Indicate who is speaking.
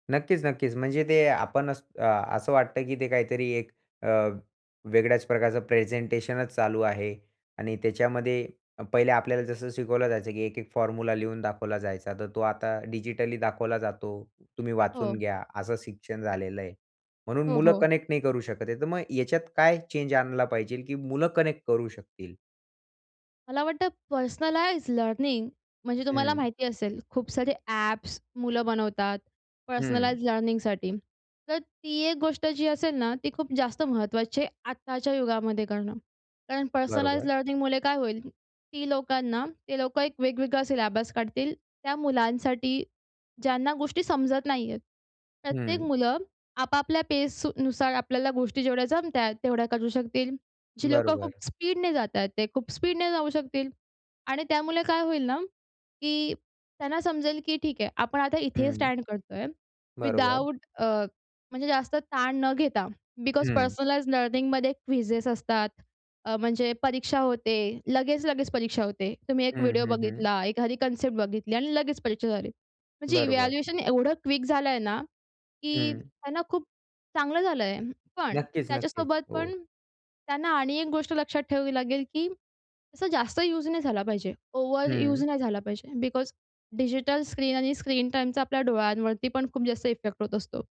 Speaker 1: नक्कीच, नक्कीच, म्हणजे ते आपणच अ, असं वाटतं की ते काहीतरी एक अ, वेगळ्याच प्रकारचं प्रेझेंटेशनच चालू आहे आणि त्याच्यामध्ये पहिले आपल्याला जसं शिकवलं जायचं, की एक एक फॉर्म्युला लिहून दाखवला जायचा, तर तो आता डिजिटली दाखवला जातो. तुम्ही वाचून
Speaker 2: हो.
Speaker 1: घ्या, असं शिक्षण झालेलं आहे. म्हणून
Speaker 2: हो,
Speaker 1: मुलं
Speaker 2: हो.
Speaker 1: कनेक्ट नाही करू शकत आहे, तर मग याच्यात काय चेंज आणला पाहिजे की मुलं कनेक्ट करू शकतील?
Speaker 2: मला वाटतं पर्सनलाईज लर्निंग म्हणजे तुम्हाला
Speaker 1: हं.
Speaker 2: माहिती असेल खूप सारे ॲप्स मुलं बनवतात
Speaker 1: हं.
Speaker 2: पर्सनलाइज्ड लर्निंगसाठी. तर ती एक गोष्ट जी असेल ना, ती खूप जास्त महत्त्वाची आहे आत्ताच्या युगामध्ये करणं. कारण पर्सनलाईज्ड
Speaker 1: बरोबर.
Speaker 2: लर्निंगमुळे काय होईल, ती लोकांना ते लोकं एक वेगवेगळा सिलेबस काढतील. त्या मुलांसाठी ज्यांना गोष्टी समजत नाही आहेत. प्रत्येक
Speaker 1: हं.
Speaker 2: मुलं आपापल्या फ़ेजनुसार आपल्याला गोष्टी जेवढ्या जमत आहेत, तेवढ्या करू शकतील. जी लोकं
Speaker 1: बरोबर.
Speaker 2: खूप स्पीडने जात आहेत, ते खूप स्पीडने जाऊ शकतील आणि त्यामुळे काय होईल ना, की त्यांना समजेल की ठीक आहे, आपण आता इथे
Speaker 1: हं.
Speaker 2: स्टँड करतोय
Speaker 1: बरोबर.
Speaker 2: विदाऊट अ, म्हणजे जास्त ताण न घेता, बिकॉज
Speaker 1: हं.
Speaker 2: पर्सनलाइज्ड लर्निंगमध्ये क्विजेस असतात. अ, म्हणजे परीक्षा होते लगेच, लगेच परीक्षा होते. तुम्ही एक
Speaker 1: हं,
Speaker 2: व्हिडिओ
Speaker 1: हं, हं.
Speaker 2: बघितला, एखादी कन्सेप्ट बघितली आणि लगेच परीक्षा झाली. म्हणजे
Speaker 1: बरोबर.
Speaker 2: इव्हॅल्युएशन एवढं क्वीक झालं आहे ना, की
Speaker 1: हं.
Speaker 2: त्यांना खूप चांगलं झालं आहे, पण
Speaker 1: नक्कीच, नक्कीच.
Speaker 2: त्याच्यासोबत
Speaker 1: हो.
Speaker 2: पण त्यांना आणि एक गोष्ट लक्षात ठेवावी लागेल की तसं जास्त यूज नाही झाला पाहिजे. ओव्हर
Speaker 1: हं.
Speaker 2: यूज नाही झाला पाहिजे. बिकॉज डिजिटल स्क्रीन आणि स्क्रीन टाईमचा आपल्या डोळ्यांवरती पण खूप जास्त इफेक्ट होत असतो.